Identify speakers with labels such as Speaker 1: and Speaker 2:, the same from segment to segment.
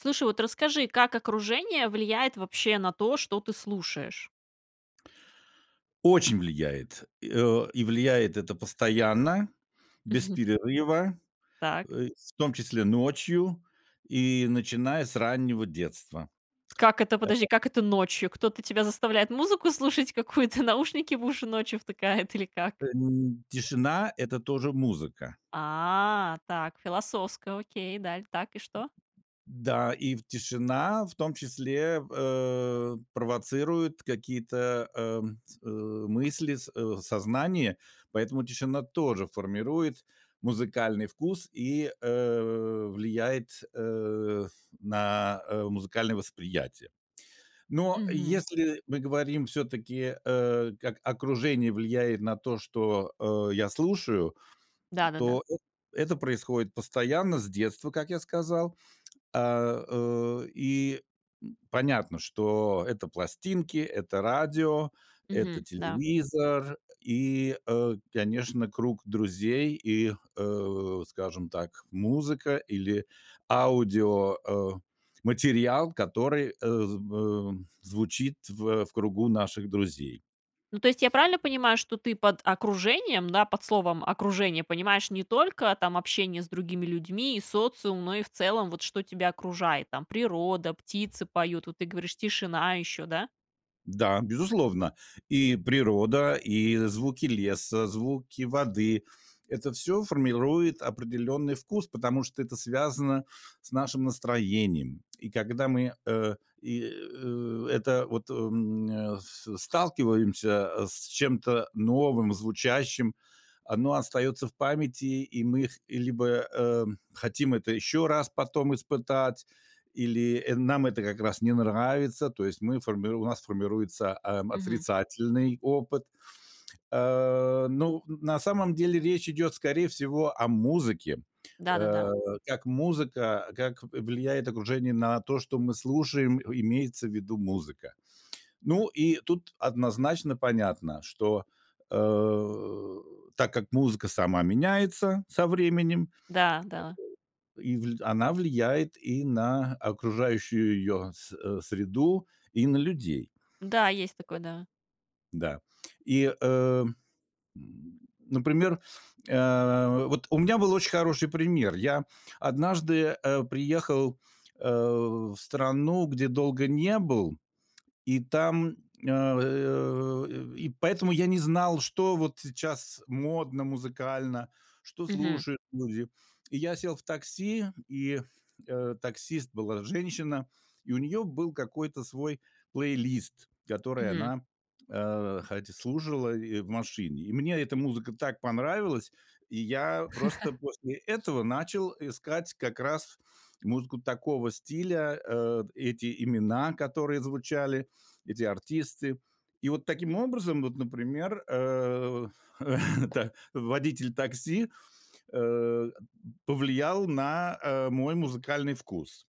Speaker 1: Слушай, вот расскажи, как окружение влияет вообще на то, что ты слушаешь?
Speaker 2: Очень влияет, и о и влияет это постоянно, без перерыва,
Speaker 1: Так.
Speaker 2: э, в том числе, ночью и начиная с раннего детства.
Speaker 1: Как это, подожди,
Speaker 2: Это.
Speaker 1: как это ночью? Кто-то тебя заставляет музыку слушать какую-то, наушники в уши ночью втыкают или как?
Speaker 2: Э, н тишина- это тоже музыка.
Speaker 1: А, так, философско, окей, и дал так, и что?
Speaker 2: Да, и в тишина в том числе, э, провоцирует какие-то, эм, э, мысли с э, в сознании, поэтому тишина тоже формирует музыкальный вкус и, э, влияет, э, на, э, музыкальное восприятие. Но
Speaker 1: Мгм.
Speaker 2: если мы говорим все-таки, э, как окружение влияет на то, что, э, я слушаю,
Speaker 1: Да-да-да.
Speaker 2: то эт это происходит постоянно, с детства, как я сказал. А, э, и, м, понятно, что это пластинки, это радио, это
Speaker 1: Мгм, да.
Speaker 2: телевизор и, э, конечно, круг друзей и, э, скажем так, музыка или аудио, э, материал, который, э, зв э, звучит в в кругу наших друзей.
Speaker 1: Ну, то есть я правильно понимаю, что ты под окружением, да, под словом "окружение" понимаешь не только там общение с другими людьми и социум, но и, в целом, вот что тебя окружает, там природа, птицы поют, вот ты говоришь, тишина еще, да?
Speaker 2: Да, безусловно, и природа, и звуки леса, звуки воды- это всё формирует определенный вкус, потому что это связано с нашим настроением. И когда мы, э, и, э это вот, м, нэ с сталкиваемся с чем-то новым, звучащим, оно остается в памяти, и мы х либо, э, хотим это еще раз потом испытать или нам это как раз не нравится. То есть мы формируем у нас формируется, ам,
Speaker 1: Мгм.
Speaker 2: отрицательный опыт. А, ну, на самом деле речь идет, скорее всего, о музыке,
Speaker 1: Да-да-да.
Speaker 2: э, как музыка как в влияет окружение на то, что мы слушаем, имеется в виду музыка. Ну, и тут однозначно понятно, что, э, так как музыка сама меняется со временем
Speaker 1: Да, да.
Speaker 2: и вл она влияет и на окружающую её с э, среду, и на людей.
Speaker 1: Да, есть такое, да.
Speaker 2: Да. И, э Например, э, вот у меня был очень хороший пример. Я однажды, э, приехал, э, в страну, где долго не был, и там, э, и поэтому я не знал, что вот сейчас модно музыкально, что
Speaker 1: Мгм.
Speaker 2: слушают люди. И я сел в такси, и, э, таксист была женщина, и у нее был какой-то свой плейлист, который
Speaker 1: Мгм.
Speaker 2: она, э, хотя слушала и в машине. И мне эта музыка так понравилась, и я просто после этого начал искать как раз музыку такого стиля, э, эти имена, которые звучали, эти артисты. И вот таким образом, вот, например, э э, да, да, водитель такси, э, повлиял на, э, мой музыкальный вкус.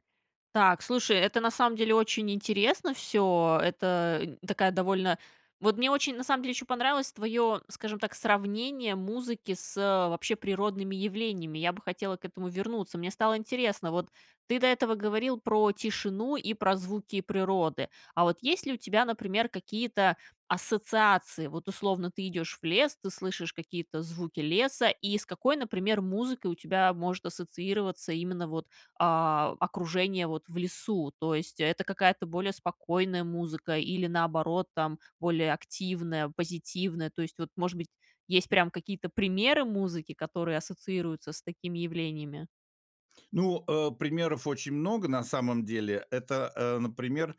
Speaker 1: Так, слушай, это, на самом деле, очень интересно всё. Это такая довольно Вот мне очень, на самом деле, еще понравилось твое, скажем так, сравнение музыки с, э, вообще природными явлениями, я бы хотела к этому вернуться. Мне стало интересно, вот ты до этого говорил про тишину и про звуки природы. А вот есть ли у тебя, например, какие-то ассоциации? Вот, условно, ты идешь в лес, ты слышишь какие-то звуки леса, и с какой, например, музыкой у тебя может ассоциироваться именно вот, а, окружение, вот, в лесу? То есть это какая-то более спокойная музыка или, наоборот, там, более активная, позитивная, то есть, вот, может быть, есть прям какие-то примеры музыки, которые ассоциируются с такими явлениями?
Speaker 2: Ну, э, примеров очень много, на самом деле. Это, э, например,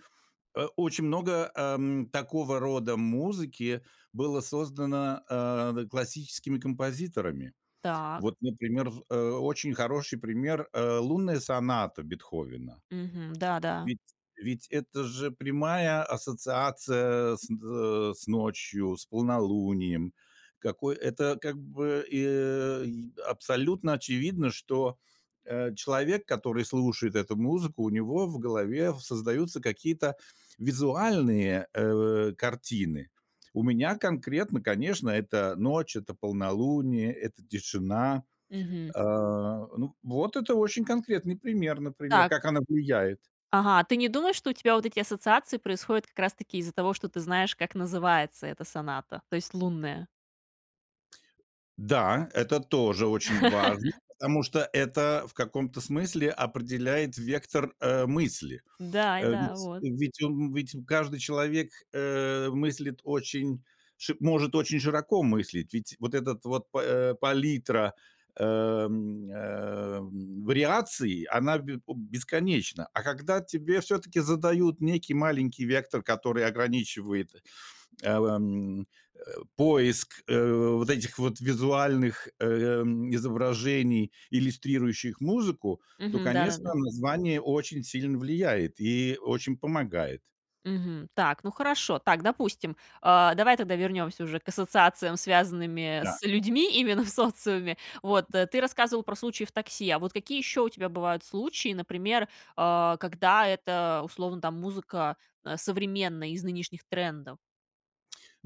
Speaker 2: э, очень много, эм, такого рода музыки было создано, э, да, классическими композиторами.
Speaker 1: Так.
Speaker 2: Вот, например, в э, очень хороший пример, э, "Лунная соната" Бетховена.
Speaker 1: Мгм. Да-да.
Speaker 2: Ведь ведь это же прямая ассоциация с, э, с ночью, с полнолунием. Какой Это, как бы, э, и абсолютно очевидно, что, э, человек, который слушает эту музыку, у него в голове в создаются какие-то визуальные, э, картины. У меня конкретно, конечно, это ночь, это полнолуние, это тишина.
Speaker 1: Мгм.
Speaker 2: Э, ну, вот это очень конкретный пример, например,
Speaker 1: Так.
Speaker 2: как она влияет.
Speaker 1: Ага, ты не думаешь, что у тебя вот эти ассоциации происходят как раз-таки из-за того, что ты знаешь, как называется эта соната, то есть "Лунная"?
Speaker 2: Да, это тоже очень важно, потому что это в каком-то смысле определяет вектор, э, мысли.
Speaker 1: Да, и
Speaker 2: Э,
Speaker 1: да,
Speaker 2: ведь
Speaker 1: вот.
Speaker 2: ведь он ведь каждый человек, э, мыслит очень ш может очень широко мыслить, ведь вот этот вот па, э, палитра, э, м, эм, вариаций- она б о бесконечна. А когда тебе всё таки задают некий маленький вектор, который ограничивает, э, в, эм, э, поиск, э, вот этих вот визуальных, эм, изображений, иллюстрирующих музыку, то
Speaker 1: Мгм.
Speaker 2: конечно
Speaker 1: Да-да-да.
Speaker 2: название очень сильно влияет и очень помогает.
Speaker 1: Мгм. Так, ну хорошо, так, допустим. Э, давай тогда вернемся уже к ассоциациям, связанными
Speaker 2: Да.
Speaker 1: с людьми, именно в социуме, вот, ты рассказывал про случаи в такси, а вот какие еще у тебя бывают случаи, например, э, когда это, условно, там, музыка, э, современная, из нынешних трендов?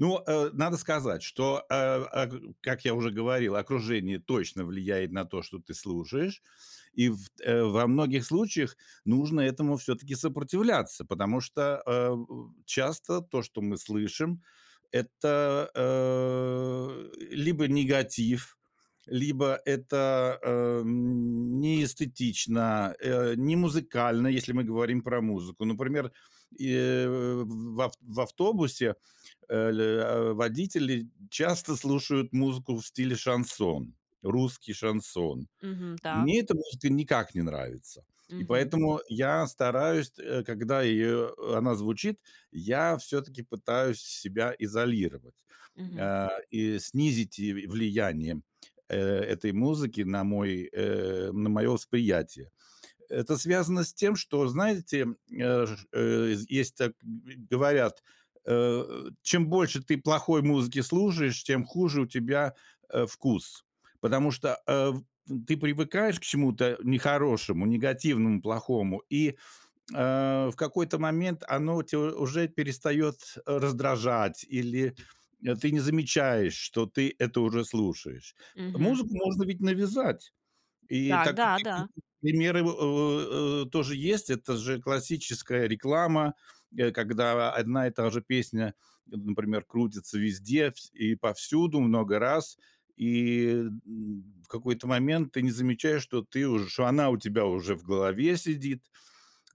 Speaker 2: Ну, э, надо сказать, что, э, аг как я уже говорил, окружение точно влияет на то, что ты слушаешь, и в, э, во многих случаях нужно этому всё-таки сопротивляться, потому что, э, часто то, что мы слышим это, э, либо негатив, либо это, эм, не эстетично, э, не музыкально, если мы говорим про музыку. Например, и, э, в ав в автобусе, э, л э, водители часто слушают музыку в стиле шансон, русский шансон.
Speaker 1: Мгм. Так.
Speaker 2: Мне это может и никак не нравится, и
Speaker 1: Мгм.
Speaker 2: поэтому я стараюсь, э, когда, э, она звучит, я всё таки пытаюсь себя изолировать,
Speaker 1: Мгм.
Speaker 2: э, и снизить и в влияние, э, этой музыки на мой, э, на мое восприятие. Это связано с тем, что знаете, э, ж э, есть, так говорят, э: чем больше ты плохой музыки слушаешь, тем хуже у тебя, э, вкус, потому что, э, в в ты привыкаешь к чему-то, э, нехорошему, негативному, плохому, и, э, в какой-то момент оно у тя уже перестает, э, раздражать, или, э, ты не замечаешь, что ты это уже слушаешь.
Speaker 1: Мгм.
Speaker 2: Музыку можно ведь навязать. И
Speaker 1: Так,
Speaker 2: так,
Speaker 1: да,
Speaker 2: такие
Speaker 1: да.
Speaker 2: примеры во, в, э, тоже есть, это же классическая реклама, э, когда одна и та же песня, например, крутится везде вс и повсюду много раз, и, м, в какой-то момент ты не замечаешь, что ты уж что она у тебя уже в голове сидит.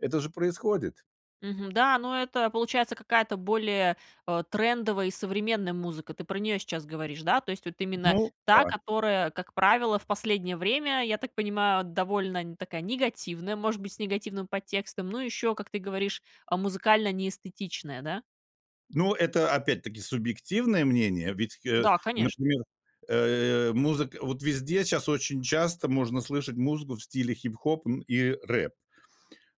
Speaker 2: Это же происходит!
Speaker 1: Мгм, да, ну это получается какая-то более, э, трендовая и современная музыка, ты про неё сейчас говоришь, да? То есть, вот именно
Speaker 2: Ну
Speaker 1: та,
Speaker 2: да.
Speaker 1: которая, как правило, в последнее время, я так понимаю, довольно такая негативная, может быть, с негативным подтекстом, ну, ещё, как ты говоришь, музыкально неэстетичная, да?
Speaker 2: Ну, это, опять-таки, субъективное мнение. Ведь, э,
Speaker 1: Да, конечно.
Speaker 2: например, э, музыка вот везде щас очень часто можно слышать музыку в стиле хип-хоп, м, и рэп.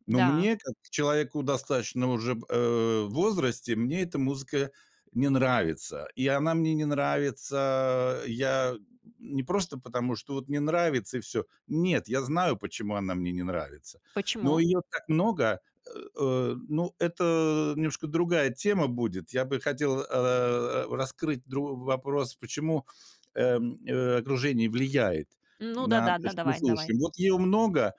Speaker 2: Но
Speaker 1: Да.
Speaker 2: мне, как человеку достаточно уже, в, э, возрасте, мне эта музыка не нравится. И она мне не нравится, я не просто потому, что вот не нравится и всё. Нет, я знаю, почему она мне не нравится. Но
Speaker 1: Почему?
Speaker 2: её так много, э э, ну, это немножко другая тема будет. Я бы хотел, э, раскрыть другой вопрос, почему, э, э, окружение влияет
Speaker 1: Ну
Speaker 2: на
Speaker 1: да-да,
Speaker 2: то,
Speaker 1: да,
Speaker 2: что
Speaker 1: давай, давай.
Speaker 2: слушаем. Вот её много,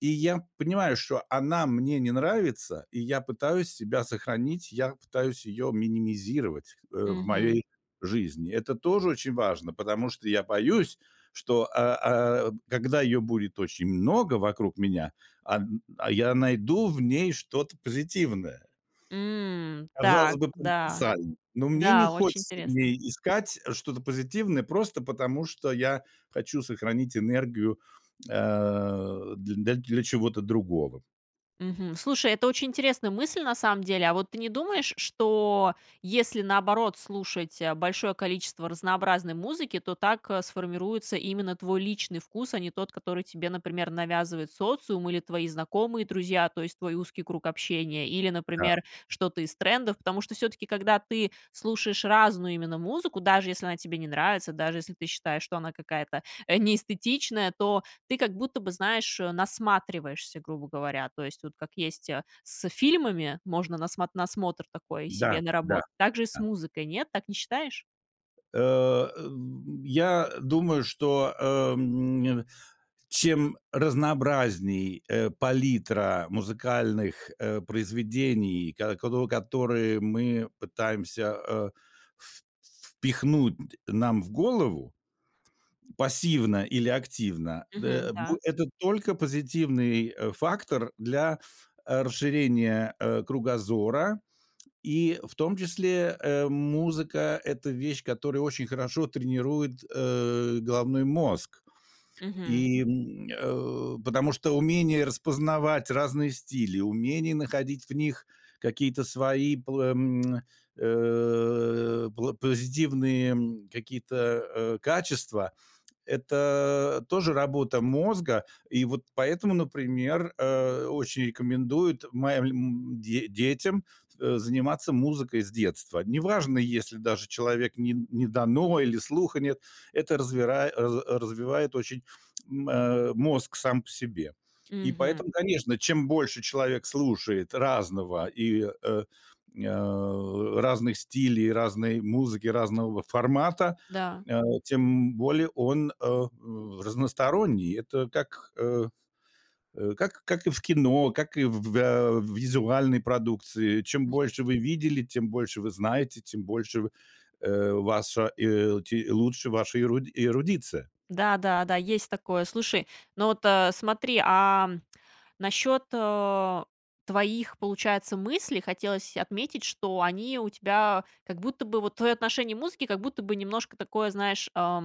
Speaker 2: и я понимаю, что она мне не нравится и я пытаюсь себя сохранить. Я пытаюсь её минимизировать, э, в
Speaker 1: Мгм.
Speaker 2: моей жизни. Это тоже очень важно, потому что я боюсь, что, э, а, когда её будет очень много вокруг меня, ан а, я найду в ней что-то позитивное.
Speaker 1: М,
Speaker 2: Казалось
Speaker 1: так,
Speaker 2: бы,,
Speaker 1: да.
Speaker 2: [unintelligible] но мне не
Speaker 1: Да, очень
Speaker 2: хочется в
Speaker 1: интересно.
Speaker 2: ней искать что-то позитивное, просто потому, что я хочу сохранить энергию, э, дл для чего-то другого.
Speaker 1: Мгм, слушай, это очень интересная мысль, на самом деле. А вот ты не думаешь, что если наоборот слушать, а, большое количество разнообразной музыки, то так, а, сформируется именно твой личный вкус, а не тот, который тебе, например, навязывает социум или твои знакомые, друзья, то есть, твой узкий круг общения? Или,
Speaker 2: Да.
Speaker 1: например, что-то из трендов, потому что всё-таки, когда ты слушаешь разную именно музыку, даже если она тебе не нравится, даже если ты считаешь, что она какая-то, э, не эстетичная, то ты как будто бы, знаешь, э, насматриваешься, грубо говоря. То есть, вот как есть, э, с фильмами, можно насмо насмотр такой
Speaker 2: Да,
Speaker 1: себе
Speaker 2: да,
Speaker 1: наработать. Так же и с
Speaker 2: да.
Speaker 1: музыкой. Нет? Так не считаешь?
Speaker 2: Э э, я, э, думаю, что, эм, чем разнообразнее, э, палитра музыкальных, э, произведений, ко кот которые мы пытаемся, э, в впихнуть нам в голову пассивно или активно,
Speaker 1: Мгм.
Speaker 2: дэ э, б
Speaker 1: Да.
Speaker 2: это только позитивный, э, фактор для, э, расширения, э, кругозора, и в том числе, э, музыка- это вещь, которая очень хорошо тренирует, э, головной мозг,
Speaker 1: Мгм.
Speaker 2: и, м, э, потому что умение распознавать разные стили, умение находить в них какие-то свои пл э, м, э, пло позитивные, м, какие-то, э, э, качества это тоже работа мозга. И вот поэтому, например, э, очень рекомендуют маль э, им де детям, э, заниматься музыкой с детства. Неважно, если даже человек не не дано или слуха нет это развира раз развивает очень, м, э, мозг сам по себе. И
Speaker 1: Мгм.
Speaker 2: поэтому, конечно, чем больше человек слушает разного, и, э, а, разных стили, разной музыки, разного формата,
Speaker 1: Да.
Speaker 2: а, тем более он, э, разносторонний. Это так, э, э, как, как и в кино, как и в в э, визуальной продукции. Чем
Speaker 1: М.
Speaker 2: больше вы видели, тем больше вы знаете, тем больше, в, э, ваша, э, те лучше ваша эру эрудиция.
Speaker 1: Да, да, да, есть такое. Слушай, ну, вот, э, смотри, а, насчет, э, твоих, получается, мыслей хотелось отметить, что они у тебя, как будто бы, вот твое отношение музыки, как будто бы немножко такое, знаешь, а,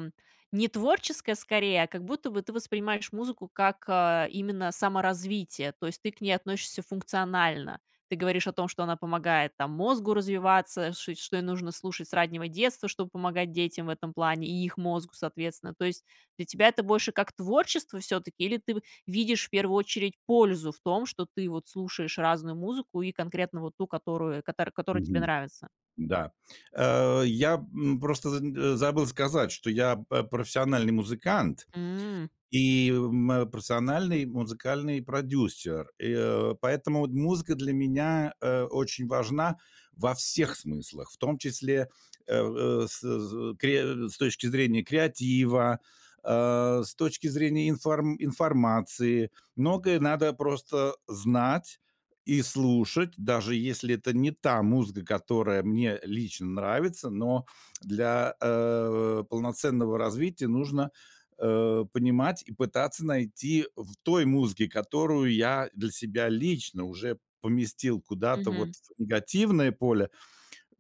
Speaker 1: не творческое, скорее, а как будто бы ты воспринимаешь музыку, как, э, именно саморазвитие. То есть, ты к ней относишься функционально, ты говоришь о том, что она помогает там мозгу развиваться, ш что ей нужно слушать с раннего детства, чтобы помогать детям в этом плане, и их мозгу, соответственно. То есть, для тебя это больше как творчество все-таки, или ты в видишь в первую очередь пользу в том, что ты вот слушаешь разную музыку и конкретно вот ту, которую, катар которая тебе
Speaker 2: Мгм.
Speaker 1: нравится?
Speaker 2: Да. Э, я, м, просто з э, забыл сказать, что я п а, профессиональный музыкант
Speaker 1: М.
Speaker 2: и э, мое профессиональный музыкальный продюсер, и, э, поэтому вот музыка для меня, э, очень важна во всех смыслах, в том числе, э э, с з кре с точки зрения креатива, а, с точки зрения инфор информации. Многое надо просто, э, знать и слушать, даже если это не та музыка, которая мне лично нравится, но для, э, полноценного развития нужно, э, понимать и пытаться найти в той музыке, которую я для себя лично уже поместил куда-то
Speaker 1: Мгм.
Speaker 2: вот в негативное поле,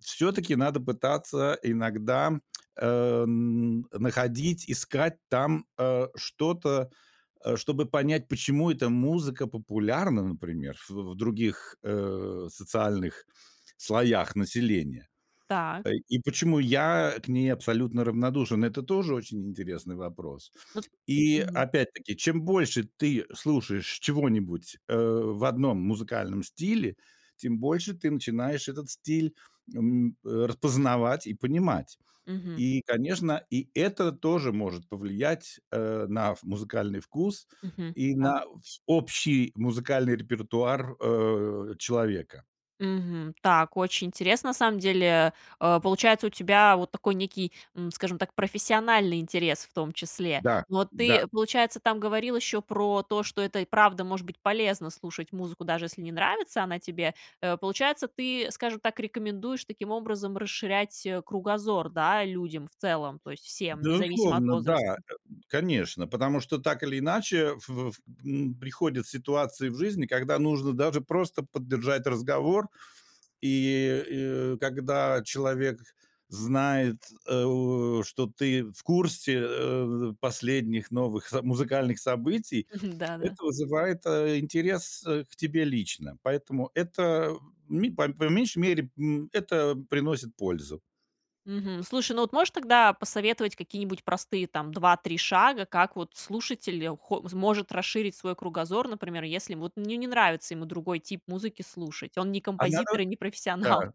Speaker 2: все-таки надо пытаться иногда, э, н находить, искать там, э, что-то, э, чтобы понять, почему эта музыка популярна, например, в в других, э, социальных слоях населения.
Speaker 1: Так.
Speaker 2: Ай и почему я к ней абсолютно равнодушен, это тоже очень интересный вопрос.
Speaker 1: Ну.
Speaker 2: И
Speaker 1: Мгм.
Speaker 2: опять-таки, чем больше ты слушаешь чего-нибудь, э, в одном музыкальном стиле, тем больше ты начинаешь этот стиль, м, э, распознавать и понимать.
Speaker 1: Мгм.
Speaker 2: И, конечно, и это тоже может повлиять, э, на в музыкальный вкус
Speaker 1: Мгм.
Speaker 2: и
Speaker 1: Так.
Speaker 2: на вс общий музыкальный репертуар, э, человека.
Speaker 1: Мгм. Так, очень интересно, на самом деле, э, получается у тебя вот такой некий, м, скажем так, профессиональный интерес, в том числе.
Speaker 2: Да,
Speaker 1: Но
Speaker 2: да.
Speaker 1: ты, получается, там говорил еще про то, что это и правда может быть полезно слушать музыку, даже если не нравится она тебе. Э, получается, ты, скажем так, рекомендуешь таким образом расширять, э, кругозор, да, людям в целом, то есть, всем, независимо от
Speaker 2: Безусловно, да, э.
Speaker 1: возраста.
Speaker 2: Конечно, потому что так или иначе в ф м, приходят ситуации в жизни, когда нужно даже просто поддержать разговор, и, и когда человек знает, э, что ты в курсе, э, последних новых со музыкальных событий,
Speaker 1: Мгм. Да, да.
Speaker 2: это вызывает, э, интерес, э, к тебе лично. Поэтому это, ми по по меньшей мере, м, это приносит пользу.
Speaker 1: Мгм. Слушай, ну, вот можешь тогда посоветовать какие-нибудь простые там 2-3 шага, как вот слушатель хо может расширить свой кругозор, например, если вот не не нравится ему другой тип музыки слушать. Он не
Speaker 2: А на на.
Speaker 1: композитор и не
Speaker 2: Да.
Speaker 1: профессионал.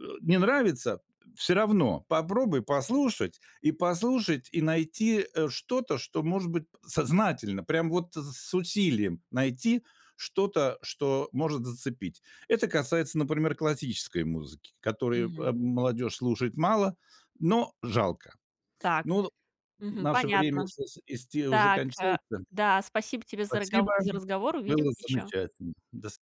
Speaker 2: Э, не нравится- всё равно попробуй послушать, и послушать, и найти, э, что-то, что может быть сознательно, прямо вот с усилием найти что-то, что может зацепить. Это касается, например, классической музыки, которую,
Speaker 1: Мгм.
Speaker 2: эм, молодежь слушает мало, но жалко.
Speaker 1: Так.
Speaker 2: Нод в
Speaker 1: Мгм,
Speaker 2: наше время
Speaker 1: понятно.
Speaker 2: слушать исти уже
Speaker 1: Так, э,
Speaker 2: кончается.
Speaker 1: да. Спасибо тебе за
Speaker 2: Спасибо.
Speaker 1: рагово за разговор увидим
Speaker 2: Было
Speaker 1: еще.
Speaker 2: замечательно, до с